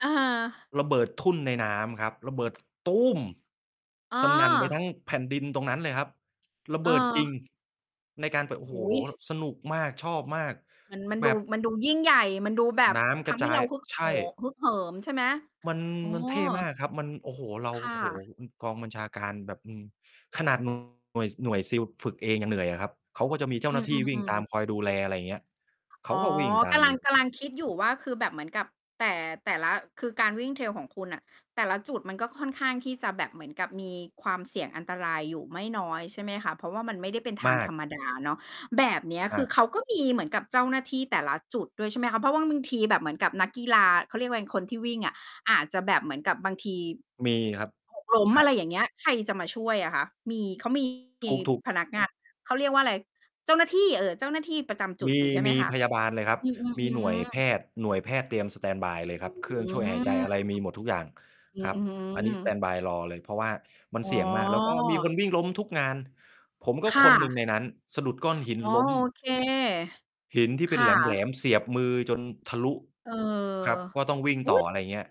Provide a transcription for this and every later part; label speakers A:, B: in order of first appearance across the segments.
A: อา
B: ระเบิดทุ่นในน้ำครับ ระเบิด
A: อ๋
B: สนั่นไป
A: อ
B: ทั้งแผ่นดินตรงนั้นเลยครับ ระเ
A: อ
B: บ
A: ้
B: ิดจริง
A: อ
B: ในการเปอะ โอ้
A: โอ
B: โฮ!
A: ้โฮ!
B: สนุกมาก ชอบมาก
A: เหมือน มัน
B: แบ
A: ดู
B: บ
A: มันดูยิ่งใหญ่ มันดูแบบ
B: น้
A: ท
B: ำกระ
A: ำให
B: จ
A: ้
B: า
A: เร
B: ย
A: าฮึก
B: ใช
A: โห
B: ่
A: ฮึกเหิม ใช่ไหม
B: มัน
A: อ้อ
B: มันเท่มากครับ มัน โอ้โฮ! เรา
A: ค่
B: โอ้โฮ!
A: ะ
B: อือ กองบัญชาการแบบ อืม ขนาด หน่วย หน่วย SEAL ฝ ฝึกเองยังเหนื่อยอะครับ เขาก็จะมีเจ้า
A: อื
B: หน้
A: อ
B: าที่ว
A: ๆ อ
B: ิ่
A: ื
B: งตาม
A: ม
B: คอยดูแล อะไรเงี้ย เข
A: อ๋อ
B: าก็วิ่งตา
A: ก
B: ม
A: ำลัง กำลังคิดอยู่ว่า คือแบบเหมือนกับ แต่ แต่ละ คือการวิ่ง trail ของคุณน่ะ แต่ละจุดมันก็ค่อนข้างที่จะแบบเหมือนกับมีความเสี่ยงอันตรายอยู่ไม่น้อยใช่ไหมคะ? เพราะว่ามันไม่ได้เป็นท
B: ม
A: าง
B: า
A: ธ
B: ก
A: รรมดาเนาะ แบบเนี้ย
B: ม
A: ค
B: า
A: ื
B: ก
A: อเขาก็มีเหมือนกับเจ้าหน้าที่แต่ละจุดด้วยใช่ไหมคะ? เพราะว่าบางทีแบบเหมือนกับนักกีฬา เขาเรียกว่าอะไร คนที่วิ่งอะ อาจจะแบบเหมือนกับบางที
B: มีครับ
A: หก ล้ม
B: ใช
A: อะไร
B: ่
A: อย่างเงี้ย ใครจะมาช่วยอะคะ? มี เขา มี ทีม
B: ถูก ๆ
A: พนักงาน เขาเรียกว่าอะไร เจ้าหน้าที่ เออ เจ้าหน้าที่ประจำจุ
B: ม
A: ด
B: ี
A: อยู่ใช่ไห
B: ม
A: ม
B: ี
A: คะ?
B: พยาบาลเลยครับ
A: อื
B: มีหน่วย
A: ม ๆ
B: แพ
A: ๆ ๆ
B: ทย์ หน่วยแพทย์เตรียมสแตนด์บายเลยค
A: อ
B: ร
A: ื
B: ับ เครื่อ
A: ม
B: งช่วยหายใจ อะไรมีหมดทุกอย่าง
A: อ
B: ครับ
A: ือฮึ
B: อันนี้สแตนด์บายรอเลย เพราะว่ามัน
A: อ๋
B: เสี่ยงมาก แล้วก็มีคน
A: อ
B: วิ่งล้มทุกงาน ผมก็
A: ค่
B: คนหนึ่ง
A: ะ
B: ในนั้น สะดุดก้อนหิน
A: อ๋อ
B: ล้ม
A: โอเค
B: หินที่
A: ค
B: เป็น
A: ่
B: แหล
A: ะ
B: ม ๆ เสียบมือจนทะลุ
A: เออ
B: ครับ ก็ต้องวิ่ง
A: อุ๊
B: ต่อ
A: ย!
B: อะไรเงี้ย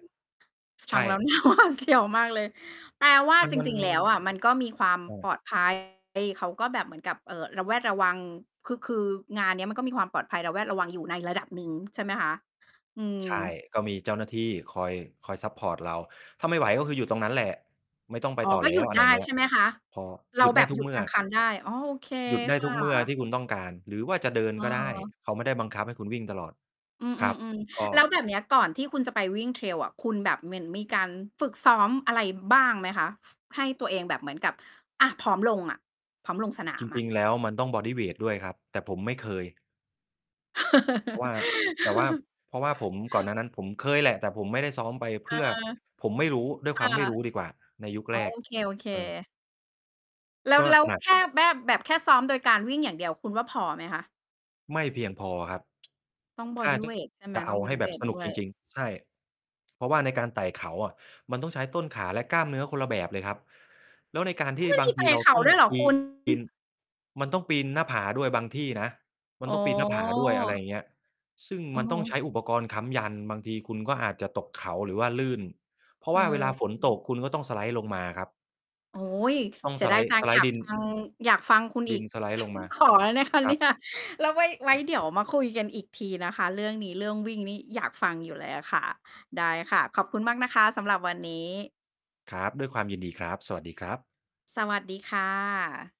A: ฟ
B: ใช
A: ัง ฟังแล
B: ่
A: ้ว น่าหวาดเสียว มากเลย แปลว่า
B: มัน
A: จ
B: มัน
A: ริง ๆ แล้วอะ มันก็มีความ
B: อา
A: ปลอด ภัย เขาก็แบบเหมือนกับ เอ่อ ระแวดระวัง คึ คืองานเนี้ยมันก็มีความปลอดภัย ระแวดระวังอยู่ในระดับหนึ่งใช่ไหมคะ? อืม
B: ใช่ ก็มีเจ้าหน้าที่ คอย คอยซัปพอร์ตเรา ถ้าไม่ไหวก็คือหยุดตรงนั้นแหละ ไม่ต้องไป
A: อ๋อ
B: ต่อ
A: ก็
B: แล
A: หย
B: ้
A: ุ
B: ว
A: ด
B: อะไ
A: ได
B: ร
A: ้
B: เงี้
A: ใช
B: ย
A: ่ไหมคะ?
B: พอ
A: เร
B: หย
A: า
B: ุด
A: แ
B: ไ
A: บ
B: ด้
A: บ
B: ทุ
A: ห
B: ก
A: ยุ
B: เ
A: ด
B: มื่
A: ก
B: อ
A: ลางคันได้ อ๋อ โอเค
B: หยุดได้
A: ค่
B: ทุกเมื่อท
A: ะ
B: ี่คุณต้องการ หรือว่าจะเดินก็ได้
A: เออ
B: เขาไม่ได้บังคับให้คุณวิ่งตลอด
A: อื
B: ครับ
A: ม ๆ
B: ก็
A: ๆ แล้วแบบเนี้ยก่อนที่คุณจะไปวิ่ง trail อะ คุณแบบเหมือนมีการฝึกซ้อมอะไรบ้างไหมคะ? ให้ตัวเองแบบเหมือนกับ อา พร้อมลงอะ พร้อมลงสนา
B: จ
A: มอ
B: ร
A: ะ
B: ิง ๆ แล้ว มันต้องบอดีเวตด้วยครับ แต่ผมไม่เคย เพราะว่า แต่ว่า เพราะว่าผม ก่อนหน้านั้นผมเคยแหละ แต่ผมไม่ได้ซ้อมไป
A: เอ
B: เพ
A: อ
B: ื่อ ผมไม่รู้ ด้วย
A: ค
B: คว
A: ่ะ
B: ามไม่รู้ดีกว่า ในยุค
A: อ๋
B: แ
A: อ
B: รก
A: โอเค
B: เออ
A: ๆ แล้
B: ก
A: ว
B: ็
A: แล้ว
B: หนัก
A: แค่แบ้บ แบบแค่ซ้อมโดยการวิ่งอย่างเดียว คุณว่าพอไหมคะ?
B: ไม่เพียงพอครับ
A: ต้องบ
B: ถ
A: อ
B: ้า
A: ดี
B: จ
A: เ
B: ะ
A: วตใช่ไหม?
B: จะเ
A: ต
B: อ
A: ้อ
B: า
A: งบอ
B: ให้
A: ดี
B: แ
A: เ
B: บ
A: ว
B: บ
A: ต
B: ส
A: ด
B: นุ
A: ้
B: ก
A: ว
B: จ
A: ย
B: ริง ๆ ใช่ เพราะว่าในการไต่เขาอะ มันต้องใช้ต้นขา และกล้ามเนื้อคนละแบบเลยครับ แล้วในการ
A: อ้
B: ท
A: อ
B: ี่
A: มัน
B: บา
A: ม
B: ง
A: ี
B: ท
A: ไต
B: ี
A: ่
B: เรา
A: เขา
B: ต้อง
A: ด้วยเหรอ
B: ป
A: ค
B: ีน
A: ุณ?
B: ปีน
A: อ
B: มันต้องปีนหน้าผาด้วยบางที่นะ มั
A: อ๋
B: นต้องปีนหน้าผาด้วย อะไร
A: อ
B: เงี้ย ซึ่ง
A: อ
B: ม
A: ะ
B: ัน
A: ฮ
B: ต้องใช
A: ะ
B: ้อุปกรณ์ค้ำยัน บางทีคุณก็อาจจะตกเขา หรือว่าลื่น เพราะ
A: เอ
B: ว
A: อ
B: ่าเวลาฝ
A: อ
B: น
A: ือฮ
B: ต
A: ึ
B: ก คุณก็ต้อง สไลด์ ลงมาครับ
A: โอ้โฮ!
B: ต้อง
A: เสี
B: ส
A: ยด
B: ไล
A: าย
B: ด์-
A: จั
B: ส
A: ง
B: ไล
A: อย
B: ด
A: า
B: ์ ด
A: ก
B: ิน
A: ฟัง อยากฟังคุณ
B: ด
A: อ
B: ิ
A: ี
B: น
A: ก
B: สไลด์ ลงมา
A: ขอได้นะคะ
B: คร
A: เน
B: ั
A: ี่
B: บ
A: ย แล้ว ไว้ ไว
B: อ
A: ้
B: ืม
A: เดี๋ยวมาคุยกันอีกทีนะคะเรื่องนี้ เรื่องวิ่งนี่อยากฟังอยู่เลยอะค่ะ ได้ค่ะ ขอบคุณมากนะคะสำหรับวันนี้
B: ครับ ด้วยความยินดีครับ สวัสดีครับ
A: สวัสดีค่ะ